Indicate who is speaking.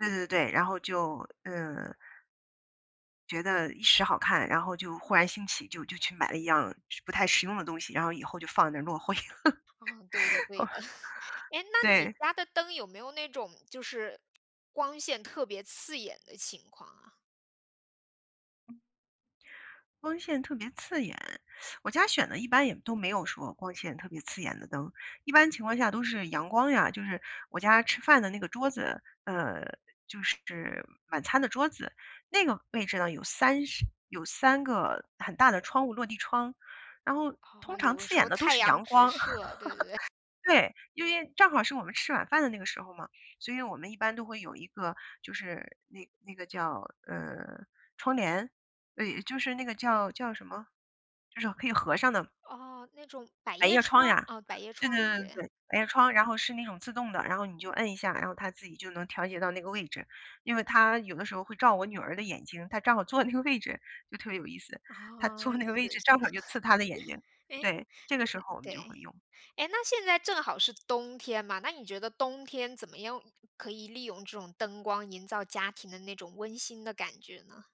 Speaker 1: 对对对，然后就嗯。觉得一时好看，然后就忽然兴起，就就去买了一样儿实不太实用的东西，然后以后就放那儿落灰。
Speaker 2: 哦，对的 对
Speaker 1: 哦
Speaker 2: 的，诶，那你
Speaker 1: 对。
Speaker 2: 家的灯有没有那种，就是光线特别刺眼的情况啊？
Speaker 1: 光线特别刺眼，我家选的一般也都没有说光线特别刺眼的灯，一般情况下都是阳光呀，就是我家吃饭的那个桌子，呃，就是晚餐的桌子，那个位置呢，有3是有3个很大的窗户，落地窗。然后通
Speaker 2: 哦，
Speaker 1: 常
Speaker 2: 有的
Speaker 1: 刺
Speaker 2: 时
Speaker 1: 眼
Speaker 2: 候
Speaker 1: 的都
Speaker 2: 太
Speaker 1: 是
Speaker 2: 阳
Speaker 1: 阳
Speaker 2: 直
Speaker 1: 光。
Speaker 2: 射，对对对，哎
Speaker 1: 对，因为正好是我们吃晚饭的那个时候嘛，所以我们一般都会有一个，就是那那个叫，呃，窗帘，哎，就是那个叫叫什么？就是可以合上的。
Speaker 2: 哦，那种百
Speaker 1: 百
Speaker 2: 叶
Speaker 1: 叶窗
Speaker 2: 窗
Speaker 1: 呀？
Speaker 2: 哦，百叶
Speaker 1: 对对
Speaker 2: 窗，
Speaker 1: 对对
Speaker 2: 对。
Speaker 1: 对，百叶窗，然后是那种自动的，然后你就摁一下，然后它自己就能调节到那个位置，因为它有的时候会照我女儿的眼睛，她正好坐在那个位置，就特别有意思，她
Speaker 2: 哦，
Speaker 1: 坐
Speaker 2: 是。
Speaker 1: 那个位置 正好就刺她的眼睛，
Speaker 2: 诶，
Speaker 1: 对，这个时候我们
Speaker 2: 对。
Speaker 1: 就会用。
Speaker 2: 诶，那现在正好是冬天嘛，那你觉得冬天怎么用可以利用这种灯光营造家庭的那种温馨的感觉呢？